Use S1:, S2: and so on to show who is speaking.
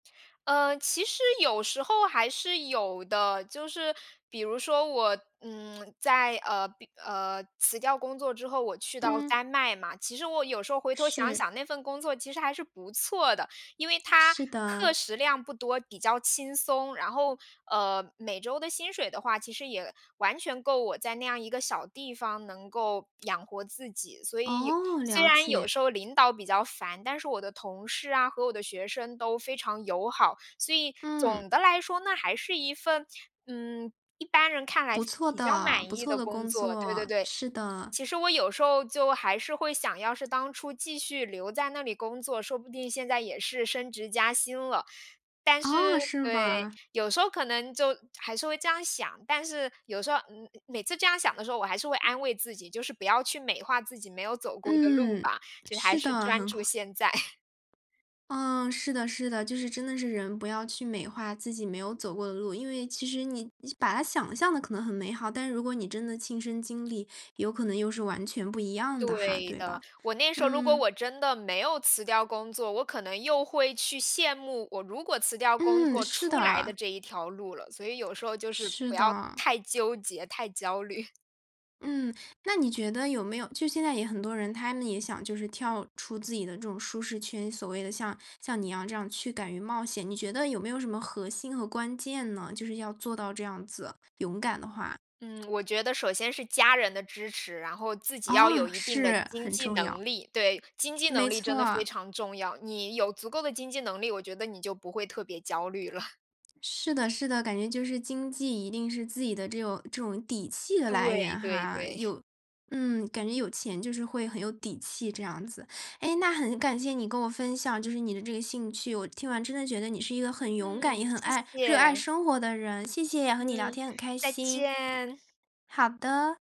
S1: 呃，其实有时候还是有的。就是，比如说我，嗯，在，呃比呃，辞掉工作之后，我去到
S2: 嗯。
S1: 丹麦嘛，其实我有时候回头想
S2: 是。
S1: 想那份工作其实还是不错的。因为它
S2: 是的。
S1: 课时量不多，比较轻松，然后，呃，每周的薪水的话，其实也完全够我在那样一个小地方能够养活自己。所以有
S2: 哦，
S1: 虽
S2: 了
S1: 然有
S2: 解。
S1: 时候领导比较烦，但是我的同事啊，和我的学生都非常友好。所以
S2: 嗯。
S1: 总的来说那还是一份，嗯，一般人看来
S2: 不错
S1: 比较
S2: 的
S1: 满
S2: 不
S1: 意
S2: 错
S1: 的
S2: 的
S1: 工
S2: 工
S1: 作。对对
S2: 作，
S1: 对，
S2: 是的。
S1: 其实我有时候就还是会想要是当初继续留在那里工作，说不定现在也是升职加薪了。但是
S2: 哦，是
S1: 对，
S2: 吧？
S1: 有时候可能就还是会这样想，但是有时候嗯，每次这样想的时候，我还是会安慰自己，就是不要去美化自己没有走过的路
S2: 嗯，
S1: 吧，就还
S2: 是
S1: 是
S2: 的，
S1: 专
S2: 很
S1: 注
S2: 好。
S1: 现在。
S2: 嗯，是的是的，就是真的是人不要去美化自己没有走过的路。因为其实你是把它想象得可能很美好，但如果你真的亲身经历有可能又是完全不一样的哈，
S1: 对
S2: 对吧？
S1: 的，我那时候如果
S2: 嗯。
S1: 我真的没有辞掉工作，我可能又会去羡慕我如果辞掉工
S2: 嗯，
S1: 作
S2: 是
S1: 出来的
S2: 的。
S1: 这一条路了。所以有时候就是
S2: 是
S1: 不要
S2: 的。
S1: 太纠结，太焦虑。
S2: 嗯，那你觉得有没有就是现在也很多人，他们也想就是跳出自己的这种舒适圈，所谓的像像你一样这样去敢于冒险。你觉得有没有什么核心和关键呢？就是要做到这样子，勇敢的话。
S1: 嗯，我觉得首先是家人的支持，然后自己要
S2: 哦，
S1: 有一定的
S2: 是，
S1: 经
S2: 很
S1: 济
S2: 重要。
S1: 能力。对，经济
S2: 没
S1: 能力真
S2: 错
S1: 的非
S2: 啊。
S1: 常重要，你有足够的经济能力，我觉得你就不会特别焦虑了。
S2: 是的是的，感觉就是经济一定是自己的这种这种底气的来
S1: 对
S2: 源
S1: 对
S2: 哈。
S1: 对。
S2: 有嗯，感觉有钱就是会很有底气这样子。诶，那很感谢你给我分享就是你的这个兴趣，我听完真的觉得你是一个很勇敢，也
S1: 嗯，
S2: 很
S1: 谢
S2: 爱热爱
S1: 谢。
S2: 生活的人，谢谢，和你聊
S1: 嗯，
S2: 天很开
S1: 再
S2: 心。
S1: 见。
S2: 好的。